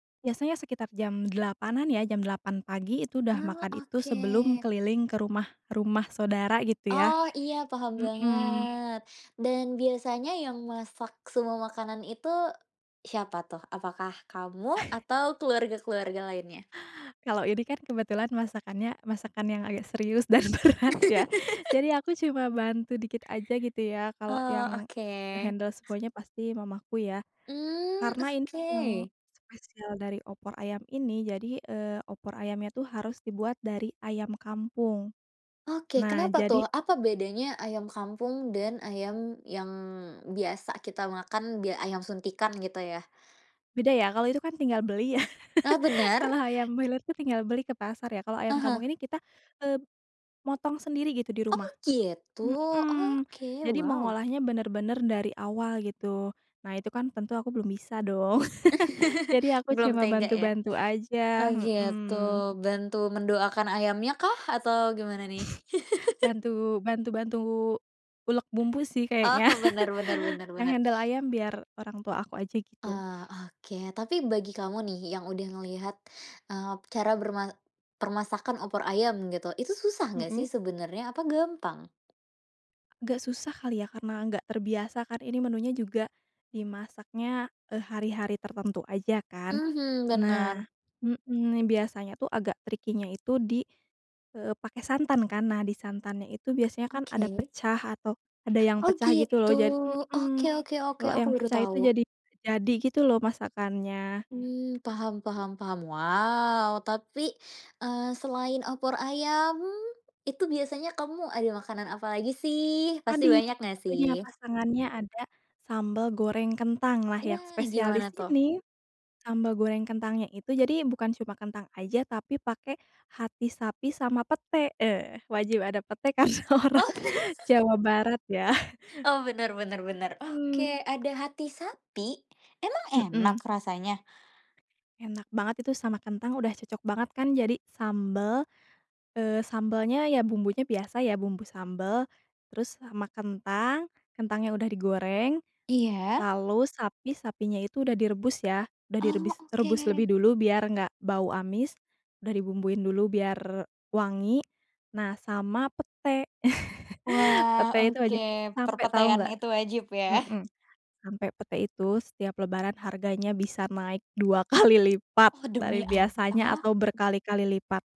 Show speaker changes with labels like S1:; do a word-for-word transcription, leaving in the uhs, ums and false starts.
S1: Biasanya sekitar jam delapan-an ya, jam delapan pagi itu udah
S2: Oh,
S1: makan itu, sebelum
S2: oke.
S1: keliling ke rumah-rumah saudara, gitu ya,
S2: Oh, iya paham
S1: mhm.
S2: banget, dan biasanya yang masak semua makanan itu, siapa tuh? Apakah kamu? Atau keluarga-keluarga lainnya?
S1: Kalau ini kan, kebetulan masakannya masakan yang agak serius, dan berat ya, jadi aku cuma bantu dikit aja gitu, ya, kalau
S2: Oh,
S1: yang
S2: oke.
S1: nge-handle semuanya, pasti mamaku ya.
S2: Mmm,
S1: Karena in yang
S2: oke.
S1: spesial dari opor ayam ini. Jadi, eee, opor ayamnya tuh harus dibuat dari ayam kampung.
S2: Oke,
S1: Nah
S2: kenapa
S1: jadi
S2: tuh? Apa bedanya ayam kampung dan ayam yang biasa kita makan, bya ayam suntikan, gitu ya?
S1: Beda ya, kalau itu kan tinggal beli, ya.
S2: Eh, bener?
S1: Kalau ayam milot itu tinggal beli ke pasar ya. Kalau ayam
S2: Heeh.
S1: kampung ini kita, eee, motong sendiri, gitu di
S2: Oh
S1: rumah,
S2: gitu.
S1: mhm.
S2: Oke,
S1: Jadi
S2: wow!
S1: mengolahnya bener-bener dari awal, gitu. Nah, itu kan tentu aku belum bisa dong. Jadi aku
S2: Belum
S1: cuma
S2: tega, ya?
S1: bantu-bantu
S2: Oh
S1: aja,
S2: gitu,
S1: mhm.
S2: bantu mendoakan ayamnya kah? Atau gimana nih?
S1: Bantu bantu bantu ulek bumbu sih, kayaknya.
S2: Oh, benar benar benar
S1: Yang
S2: benar.
S1: handle ayam biar orang tua aku aja, gitu.
S2: Oh, oke. Tapi bagi kamu nih, yang udah ngelihat, eee, cara berma permasakan opor ayam gitu. Itu susah enggak
S1: Mhm.
S2: sih sebenarnya? Apa gampang?
S1: Agak susah kali, ya? Karena enggak terbiasa kan, ini menunya juga, dimasaknya, eee, hari-hari tertentu aja, kan.
S2: Mhm, benar.
S1: Nah mhm, biasanya tuh, agak tricky-nya itu di, eee, pakai santan kan. Nah, di santannya itu biasanya kan ada
S2: Oke.
S1: pecah, atau ada yang
S2: Oh,
S1: pecah gitu loh.
S2: gitu!
S1: Ja
S2: Oke
S1: mhm,
S2: oke oke,
S1: kalo
S2: aku
S1: yang
S2: baru
S1: pecah itu
S2: tahu.
S1: jadi jadi gitu loh masakannya.
S2: Mmm, paham paham paham. Wow! Tapi, eee, selain opor ayam, itu biasanya kamu ada makanan apalagi sih? Pasti
S1: Tadi,
S2: banyak nggak
S1: satunya
S2: sih?
S1: pasangannya ada, sambal goreng kentang lah
S2: Iya,
S1: yang
S2: gimana
S1: spesialis
S2: tuh?
S1: ini, sambal goreng kentangnya itu jadi, bukan cuma kentang aja, tapi pakai hati sapi sama pete, eee, wajib ada pete, karena orang
S2: Oh!
S1: Jawa Barat, ya?
S2: Oh, bener bener bener.
S1: Mhm.
S2: Oke, ada hati sapi? Emang
S1: Mhm.
S2: enak rasanya?
S1: Enak banget itu, sama kentang udah cocok banget kan? Jadi sambel eee, sambelnya ya bumbunya biasa ya, bumbu sambel. Terus sama kentang, kentangnya udah digoreng,
S2: Iya?
S1: lalu sapi sapinya itu udah direbus ya? Udah
S2: Oh!
S1: direbis rebus
S2: Oke.
S1: lebih dulu, biar enggak bau amis, udah dibumbuiin dulu biar wangi, nah sama pete.
S2: Wah!
S1: Pete itu
S2: Oke.
S1: wajib, sampai tahu
S2: Perpetean
S1: nggak
S2: itu, wajib ya?
S1: mhm, sampe pete itu, setiap lebaran harganya bisa naik dua kali lipat
S2: Oh,
S1: dari
S2: demi
S1: biasanya,
S2: apa?
S1: atau berkali-kali lipat.